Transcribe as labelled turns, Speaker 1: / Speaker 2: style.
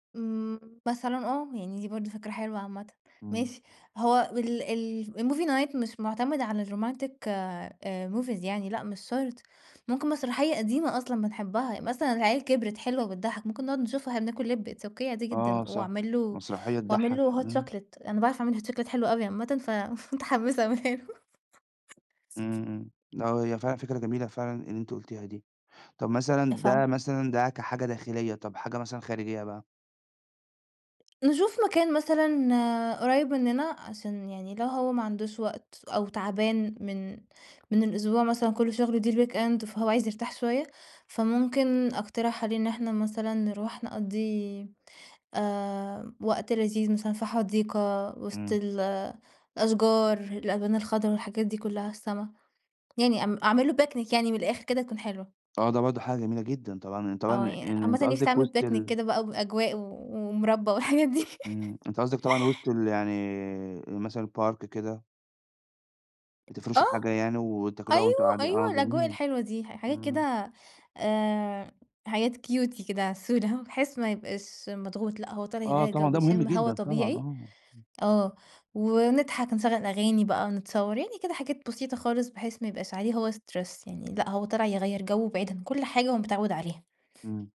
Speaker 1: إمم مثلًا آه، يعني دي برضو فكرة حلوة عامةً،
Speaker 2: إمم.
Speaker 1: ماشي هو ال ال الmovie night مش معتمد على الromantic آآ movies يعني، لأ مش شرط، ممكن مسرحية قديمة أصلًا بنحبها، مثلًا العيال كبرت حلوة وبتضحَّك، ممكن نقعد نشوفها وإحنا بناكل لِب، It's Okay عادي
Speaker 2: آه
Speaker 1: جدًا،
Speaker 2: صح،
Speaker 1: وأعمل له
Speaker 2: مسرحية
Speaker 1: وأعمل
Speaker 2: تضحَّك،
Speaker 1: له hot
Speaker 2: إمم.
Speaker 1: chocolate، أنا باعرف أعمل hot chocolate حلو أوي عامةً، فمتحمسة أعملها له.
Speaker 2: إمم، إمم، آه هي فعلًا فكرة جميلة فعلًا اللي أنتِ قُلتيها دي، طب مثلًا ده
Speaker 1: [unintelligible]
Speaker 2: مثلًا ده كحاجة داخلية، طب حاجة مثلًا خارجية بقى؟
Speaker 1: نشوف مكان مثلًا قريّب مننا عشان يعني لو هو ما عندوش وقت أو تعبان من من الأسبوع مثلًا كلّه شغل، دي الweekend فهو عايز يرتاح شوية، فممكن أقترح عليه إن إحنا مثلًا نروح نقضّي آآ، وقت لذيذ مثلًا في حديقة وسط
Speaker 2: إمم.
Speaker 1: الأشجار، الألوان الخضرا والحاجات دي كلّها، السما، يعني ام أعمل له picnic يعني من الآخر كده تكون حلوة.
Speaker 2: آه، ده برضو حاجة جميلة جدًا، طبعًا طبعًا آآ
Speaker 1: آه،
Speaker 2: يعني
Speaker 1: عامةً
Speaker 2: أنتِ
Speaker 1: نِفْسي
Speaker 2: قصدِك
Speaker 1: أعمل
Speaker 2: وسط
Speaker 1: picnic
Speaker 2: ال
Speaker 1: كده بقى بأجواء و ومربى والحاجات دي.
Speaker 2: إمم، أنتِ قصدِك طبعًا وسط ال يعني مثلًا الpark كده.
Speaker 1: آه،
Speaker 2: بتفرشوا حاجة يعني وتاكلوها وأنتم
Speaker 1: أيوه،
Speaker 2: قاعدي آه
Speaker 1: أيوه، الأجواء
Speaker 2: جميل،
Speaker 1: الحلوة دي ح حاجات
Speaker 2: إمم.
Speaker 1: كده آآ، حاجات Cutie كده عسولة، بحيث ما يبقاش مضغوط، لأ هو طالع
Speaker 2: آه
Speaker 1: يغيَّر
Speaker 2: طبعًا
Speaker 1: جو
Speaker 2: ده مهم
Speaker 1: ويشم هوا
Speaker 2: جدًا طبعًا
Speaker 1: طبيعي،
Speaker 2: آه، إمم.
Speaker 1: آه، ونضحك نشغل أغاني بقى نتصور يعني كده حاجات بسيطة خالص بحيث ما يبقاش عليه هو stress يعني، لأ هو طالع يغيّر جو بعيد عن كُلّ حاجة هو متعود عليها.
Speaker 2: إمم.